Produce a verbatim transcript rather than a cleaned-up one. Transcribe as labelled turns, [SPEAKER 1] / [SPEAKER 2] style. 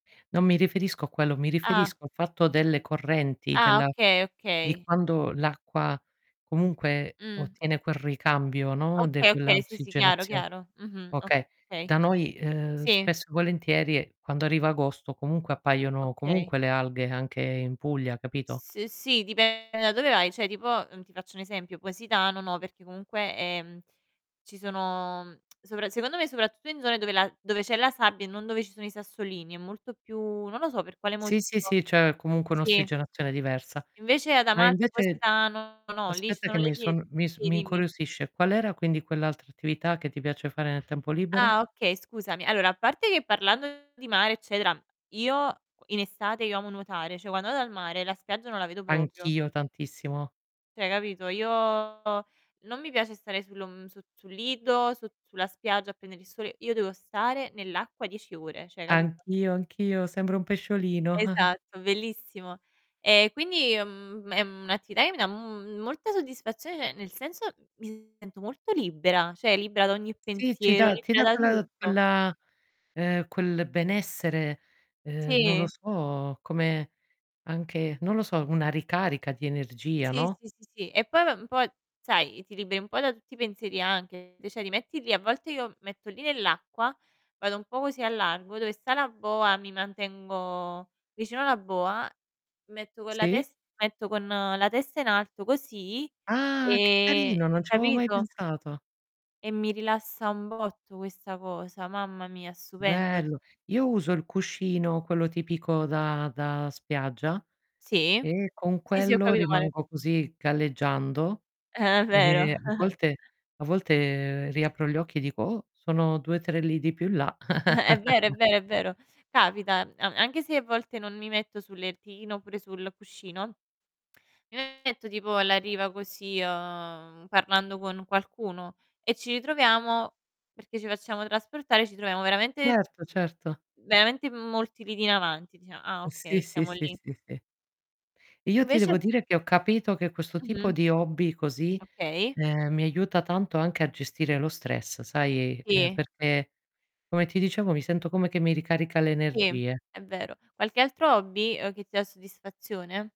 [SPEAKER 1] Non mi riferisco a quello, mi
[SPEAKER 2] Ah.
[SPEAKER 1] riferisco al fatto delle correnti,
[SPEAKER 2] Ah
[SPEAKER 1] della
[SPEAKER 2] okay,
[SPEAKER 1] di
[SPEAKER 2] okay.
[SPEAKER 1] quando l'acqua comunque
[SPEAKER 2] Mh.
[SPEAKER 1] ottiene quel ricambio, no. De
[SPEAKER 2] Okay,
[SPEAKER 1] quella
[SPEAKER 2] okay, sì, sì, chiaro,
[SPEAKER 1] ossigenazio
[SPEAKER 2] chiaro. Mh-mh,
[SPEAKER 1] okay.
[SPEAKER 2] okay.
[SPEAKER 1] Da noi, ehm,
[SPEAKER 2] Sì.
[SPEAKER 1] spesso e volentierie quando arriva agosto comunque appaiono
[SPEAKER 2] Okay.
[SPEAKER 1] comunque le alghe anche in Puglia, capito?
[SPEAKER 2] S uhm, sì, dipende da dove vai. ceh, tipo uhm, ti faccio un esempio: Positano no, perché comunque, ehm, ci sono sopra secondo me soprattutto in zone dove la dove c'è la sabbia e non dove ci sono i sassolini, è molto più non lo so per quale motivo.
[SPEAKER 1] Sì, sì, sì, c'è comunque
[SPEAKER 2] Sì.
[SPEAKER 1] un'ossigenazione diversa.
[SPEAKER 2] Invece ad
[SPEAKER 1] Ma
[SPEAKER 2] Amalfi,
[SPEAKER 1] invece
[SPEAKER 2] Positano no, lì ci
[SPEAKER 1] aspetta che
[SPEAKER 2] sono le
[SPEAKER 1] mi
[SPEAKER 2] pie
[SPEAKER 1] son mi s
[SPEAKER 2] sì,
[SPEAKER 1] mi
[SPEAKER 2] dimmi.
[SPEAKER 1] incuriosisce: qual era, quindi, quell'altra attività che ti piace fare nel tempo libero?
[SPEAKER 2] Ah, okay, scusami. Allora, a parte che parlando di mare, eccetera, io in estate io amo nuotare, cioè, quando vado al mare la spiaggia non la vedo propio
[SPEAKER 1] Anch'io tantissimo.
[SPEAKER 2] ceh, capito, io non mi piace stare sul om su sul lido, su sulla spiaggia a prendere il sole, io devo stare nell'acqua dieci ore, ceh, capito?
[SPEAKER 1] Anch'io, anch'io, sembro un pesciolino.
[SPEAKER 2] Esatto, bellissimo. E quindi, mhmm, è un'attività che mi dà m molta soddisfazione, ceh, nel senso mi sento molto libera, ceh, libera da ogni
[SPEAKER 1] Sì, ci
[SPEAKER 2] pensiero,
[SPEAKER 1] dà ti
[SPEAKER 2] libera
[SPEAKER 1] dà
[SPEAKER 2] da
[SPEAKER 1] quella
[SPEAKER 2] tutto.
[SPEAKER 1] quella ehm, quel benessere, ehm, non lo
[SPEAKER 2] Sì.
[SPEAKER 1] so, come anche non lo so, una ricarica di energia,
[SPEAKER 2] Sì,
[SPEAKER 1] no?
[SPEAKER 2] sì, sì, sì. E poi va un po', sai, ti liberi un po' da tutti i pensieri anche, [unintelligible] ceh, ti metti lì a volte io mi metto lì nell'acqua, vado un po' così al largo dove sta la boa, mi mantengo vicino la boa, metto con la
[SPEAKER 1] Sì.
[SPEAKER 2] tes metto con la testa in alto così,
[SPEAKER 1] Ah, che
[SPEAKER 2] e
[SPEAKER 1] carino, non c'avevo mai
[SPEAKER 2] capito?
[SPEAKER 1] pensato.
[SPEAKER 2] E mi rilassa un botto questa cosa, mamma mia, stupendo, g
[SPEAKER 1] Bello, io uso il cuscino, quello tipico da da spiaggia
[SPEAKER 2] Sì.
[SPEAKER 1] e con
[SPEAKER 2] Sì, sì, ho
[SPEAKER 1] quello
[SPEAKER 2] capito quale.
[SPEAKER 1] rimango così, galleggiando
[SPEAKER 2] È
[SPEAKER 1] e
[SPEAKER 2] vero.
[SPEAKER 1] a volte a volte riapro gli occhi e dico: "Oh, sono due tre lidi più in là."
[SPEAKER 2] È vero, è vero, è vero. Capita, a anche se a volte non mi metto sul lertino oppure sul cuscino, mi metto tipo alla riva così, uhm, parlando con qualcuno e ci ritroviamo perché ci facciamo trasportare, ci troviamo veramente
[SPEAKER 1] Certo, certo.
[SPEAKER 2] veramente in molti lidi in avanti, dicia ah,
[SPEAKER 1] Uhm,
[SPEAKER 2] okay,
[SPEAKER 1] sì, sì,
[SPEAKER 2] stiamo
[SPEAKER 1] sì,
[SPEAKER 2] lì.
[SPEAKER 1] sì, sì. Io ti
[SPEAKER 2] Invece
[SPEAKER 1] devo
[SPEAKER 2] [unintelligible]
[SPEAKER 1] dire che ho capito che questo tipo
[SPEAKER 2] Mh-mh.
[SPEAKER 1] di hobby così,
[SPEAKER 2] Okay.
[SPEAKER 1] ehm, mi aiuta tanto anche a gestire lo stress, sai, ehm,
[SPEAKER 2] Sì.
[SPEAKER 1] perché, come ti dicevo, mi sento come che mi ricarica le
[SPEAKER 2] Sì,
[SPEAKER 1] energie.
[SPEAKER 2] è vero. Qualche altro hobby, uhm, che ti dà soddisfazione?